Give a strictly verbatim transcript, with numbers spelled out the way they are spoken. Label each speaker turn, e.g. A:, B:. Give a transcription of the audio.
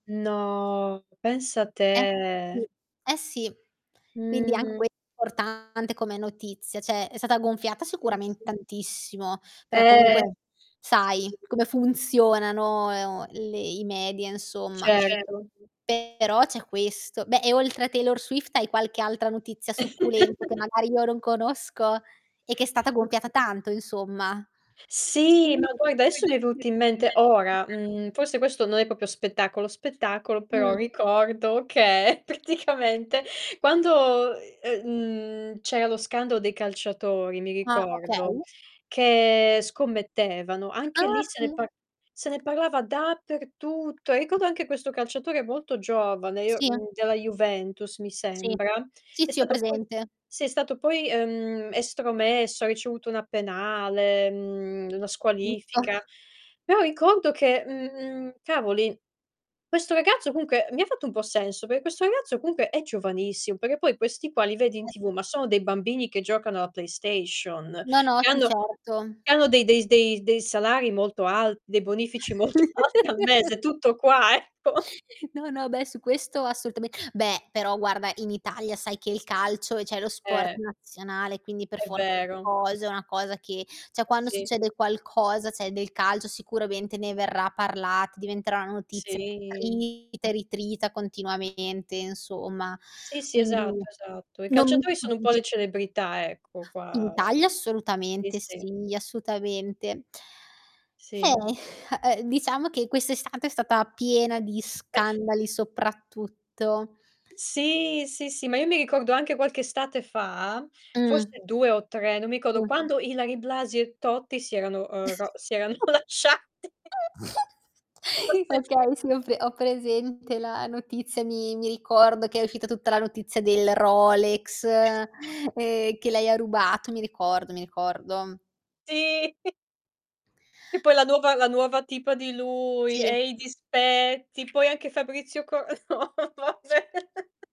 A: No, pensa
B: Eh sì,
A: te.
B: eh sì. Quindi anche
A: Mh.
B: que portante come notizia. ceh, è stata gonfiata
A: Sì.
B: sicurament tantissimo, per
A: Eh.
B: comunque
A: Sì.
B: sai come funzionano, e o le i media insomma.
A: Certo.
B: Però c'è questo beh, e oltre a Taylor Swift hai qualche altra notizia succulenta che magari io non conosco e che è stata
A: Mh.
B: gonfiata tanto, insomma?
A: Sì, ma poi, desso mi è venuto in mente ora, mhmm, forse questo non è popio spettacolo spettacolo, però
B: Mh.
A: ricordo che praticamente quando, ehm, mhmm, c'era lo scandalo dei calciatori, mi
B: Ah,
A: ricordo,
B: okay.
A: che scommettevano, anche
B: Ah,
A: lì se ne
B: sì.
A: par se ne parlava dappertutto. Ricordo anche questo calciatore molto giovane, io
B: Sì eh.
A: mhmm, della Juventus mi
B: Sì.
A: sembra,
B: Sì,
A: è
B: sì, ho
A: stato poi
B: presente.
A: sì, è stato poi, ehm, estromesso, ha ricevuto una penale, mhmm, la
B: Giusto.
A: squalifica. Però ricordo che, mhmm, cavoli, questo ragazzo comunche mi ha fatto un po' senso, per questo ragazzo comunche è giovanissimo, perché poi questi qua li vedi in
B: Eh,
A: TV
B: sì.
A: ma sono dei bambini che giocano alla PlayStation,
B: No, no,
A: che
B: sì
A: hanno
B: certo.
A: che hanno dei dei s dei dei salari molto alt dei bonifici molto al al mese, tutto qua, ecco.
B: No, no, beh, su questo assultame beh, però guarda, in Italia sai che il calcio è ceh lo sport
A: Eh.
B: nazionale, quindi per
A: È
B: forza di
A: vero.
B: cose è una cosa che ceh quando
A: Sì.
B: succede qualcosa, ceh, del calcio sicuramente ne verrà parlat diventerà una notizia
A: Sì.
B: trita e ritrita continuamente insomma.
A: Sì, sì,
B: Quindi
A: esatto, esatto. I
B: non mi
A: calciatori sono un po'
B: stupisc
A: le celebrità, ecco,
B: In
A: qua
B: Italia
A: sì,
B: assolutamente
A: sì.
B: sì, assutamente. Eh,
A: Sì.
B: uhm, diciamo che quest'estate è stata piena di scandali soprattutto.
A: Sì, sì, sì, ma io mi ricordo anche qualche estate fa,
B: Mh.
A: forse due o tre, non mi codo,
B: Mh.
A: quando Ilary Blasi e Totti si erano, ehm, ro si erano lasciati.
B: Okay, sì ho pre ho
A: [unintelligible]
B: presente la notizia, mi mi ricordo che è uscita tutta la notizia del Rolex, ehm, che lei ha rubato, mi ricordo, mi ricordo.
A: Sì. E poi la nuova la nuova tipa di lui,
B: Sì.
A: e i dispetti, poi anche Fabrizio Co no, vabbè.